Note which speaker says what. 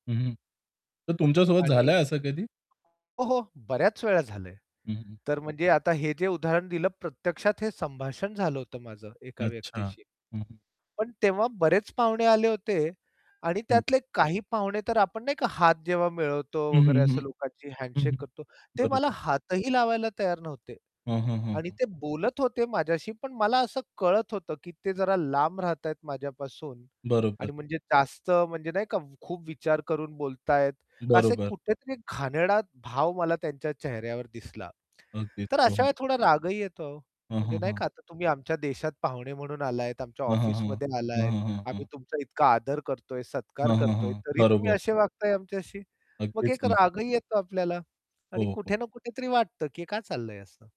Speaker 1: हं, हं. तर तुमच्यासोबत
Speaker 2: आणि
Speaker 1: झालं आहे असं कधी?
Speaker 2: हो, हो, बऱ्याच वेळा झालं आहे.
Speaker 1: हं, हं.
Speaker 2: तर म्हणजे आता हे जे उदाहरण दिलं प्रत्यक्षात हे संभाषण झालं होतं माझं एका
Speaker 1: अच्छा.
Speaker 2: व्यक्तीशी.
Speaker 1: हं, हं.
Speaker 2: पण तेव्हा बरेच पाहुणे आले होते आणि
Speaker 1: हं.
Speaker 2: त्यातले काही पाहुणे तर आपण नाही का हात जेव्हा मिळवतो
Speaker 1: हं,
Speaker 2: वगैरे
Speaker 1: हं,
Speaker 2: असं
Speaker 1: हं.
Speaker 2: लोकांशी
Speaker 1: हं,
Speaker 2: हँडशेक
Speaker 1: हं.
Speaker 2: करतो, ते मला
Speaker 1: बरोबर.
Speaker 2: हातही लावायला तयार नव्हते
Speaker 1: हं, हं, हं,
Speaker 2: आणि
Speaker 1: हं.
Speaker 2: ते बोलत होते माझ्याशी, पण मला असं कळत होतं, की ते जरा लांब राहतात आहे माझ्यापासून
Speaker 1: बरोबर.
Speaker 2: आणि म्हणजे जास्त म्हणजे नाही का कम खूप विचार करून बोलत आहेत का असे
Speaker 1: बरोबर.
Speaker 2: कुठेतरी घाणेरडा भाव मला त्यांच्या चेहऱ्यावर दिसला.
Speaker 1: अगदीच.
Speaker 2: तर
Speaker 1: हं,
Speaker 2: अशा
Speaker 1: हं.
Speaker 2: वेळेस थोडा रागही येतो हो.
Speaker 1: हं, हं,
Speaker 2: म्हणजे नाही
Speaker 1: हं.
Speaker 2: का आता तुम्ही आमच्या देशात पाहुणे म्हणून आलात आमच्या
Speaker 1: हं, हं, हं.
Speaker 2: ऑफिसमध्ये
Speaker 1: हं,
Speaker 2: आलात.
Speaker 1: हं, हं,
Speaker 2: आम्ही
Speaker 1: हं.
Speaker 2: तुमचा इतका आदर करतोय, सत्कार
Speaker 1: हं, हं,
Speaker 2: करतोय
Speaker 1: हं.
Speaker 2: तरी तुम्ही
Speaker 1: बरोबर.
Speaker 2: असे वागताय आमच्याशी. मग
Speaker 1: अगदीच
Speaker 2: एक
Speaker 1: नाही.
Speaker 2: रागही येतो आपल्याला आणि
Speaker 1: हो, हो.
Speaker 2: कुठे ना कुठेतरी वाटतं की काय चाललंय असं?